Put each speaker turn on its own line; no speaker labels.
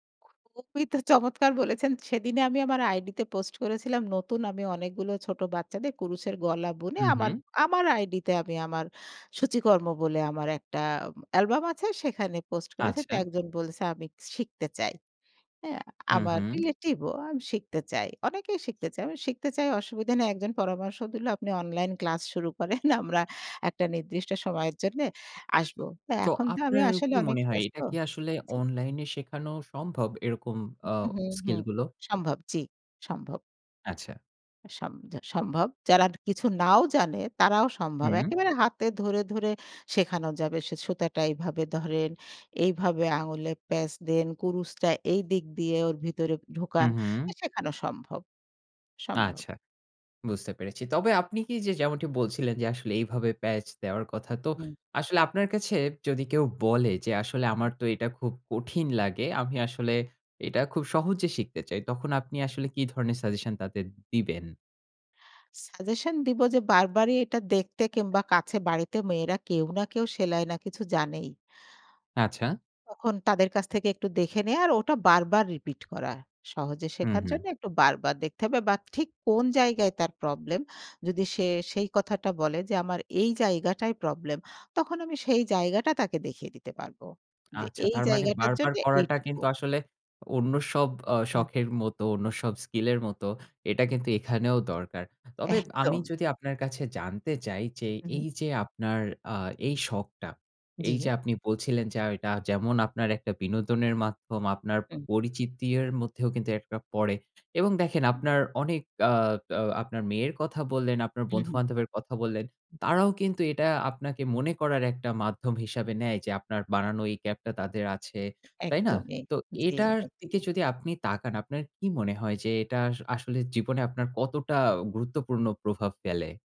খু খুবই তো চমৎকার বলেছেন। সেদিনই আমি আমার আইডিতে পোস্ট করেছিলাম। নতুন আমি অনেকগুলো ছোট বাচ্চাদের কুরুশের গলা বুনে
হু,
আমার
হু।
আমার আইডিতে আমি আমার সূচিকর্ম বলে আমার একটা অ্যালবাম আছে। সেখানে পোস্ট করেছে। তা
আচ্ছা।
একজন বলছে আমি শিখতে চাই। হ্যাঁ?
হু,
আমার
হু।
রিলেটিভ ও আমি শিখতে চাই। অনেকেই শিখতে চায়। আমি শিখতে চাই অসুবিধা নেই। একজন পরামর্শ দিল "আপনি অনলাইন ক্লাস শুরু করেন। আমরা একটা নির্দিষ্ট সময়ের জন্যে আসব।"
তো
এখন তো আমি
আপনার
আসলে
কি
অনেক
মনে হয়?
ব্যস্ত
এটা কি আসলে
জি।
অনলাইন শেখানো সম্ভব এরকম আ
হু, হু, হু।
স্কিল গুলো?
সম্ভব জি, সম্ভব।
আচ্ছা।
সম সম্ভব। যারা কিছু নাও জানে তারাও সম্ভব।
হুম।
একেবারে হাতে ধরে, ধরে শেখানো যাবে। সে সুতাটা এভাবে ধরেন, এইভাবে আঙুলে প্যাঁচ দেন, কুরুশটা এইদিক দিয়ে ওর ভিতরে
হু,
ঢোকান।
হু।
শেখানো সম্ভব, সম্ভব।
আচ্ছা, বুঝতে পেরেছি। তবে আপনি কি যে যেমনটি বলছিলেন যে আসলে এইভাবে প্যাচ দেওয়ার কথা, তো
হুম।
আসলে আপনার কাছে যদি কেউ বলে যে আসলে
হু, হুম।
"আমার তো এটা খুব কঠিন লাগে। আমি আসলে এটা খুব সহজে শিখতে চাই।" তখন আপনি আসলে কি ধরনের সাজেশন তাদের দিবেন?
সাজেশন দিব যে বারবারই এটা দেখতে কিংবা কাছে বাড়িতে মেয়েরা কেউ না কেউ সেলাই না কিছু জানেই।
আচ্ছা।
তখন তাদের কাছ থেকে একটু দেখে নেয়া আর ওটা বারবার রিপিট করা। সহজে
হু,
শেখার
হু।
জন্য একটু বারবার দেখতে হবে, বা ঠিক কোন জায়গায় তার প্রবলেম যদি সে সেই কথাটা বলে যে আমার এই জায়গাটাই প্রবলেম, তখন আমি সেই জায়গাটা তাকে দেখিয়ে দিতে পারব। যে
আচ্ছা।
এই
তার মানে
জায়গাটার
বারবার
জন্য
করাটা
এইটুকু।
কিন্তু আসলে অন্য সব অ
হুম।
শখের মতো অন্য সব স্কিল এর মত এটা
হুম।
কিন্তু এখানেও দরকার। তবে আমি
একদম।
যদি আপনার কাছে জানতে চাই যে,
উহু।
এই যে আপনার আ এই শখটা। এই যে
জি।
আপনি বলছিলেন, যে এটা যেমন আপনার একটা বিনোদনের মাধ্যম, আপনার
হুম।
পরিচিতির মধ্যেও কিন্তু একটা পড়ে এবং দেখেন
হুম।
আপনার অনেক আ আ আপনার মেয়ের কথা বললেন, আপনার
হু, হু।
বন্ধুবান্ধবের কথা বললেন,
হুম।
তারাও কিন্তু এটা আপনাকে মনে করার একটা মাধ্যম হিসাবে নেয়। যে আপনার বানানো এই ক্যাপ টা তাদের আছে। তাই না?
একদমই
তো
জি,
এটার দিকে
একদমই।
যদি আপনি তাকান আপনার কি মনে হয়? যে এটা আ আসলে জীবনে আপনার কতটা গুরুত্বপূর্ণ প্রভাব ফেলে?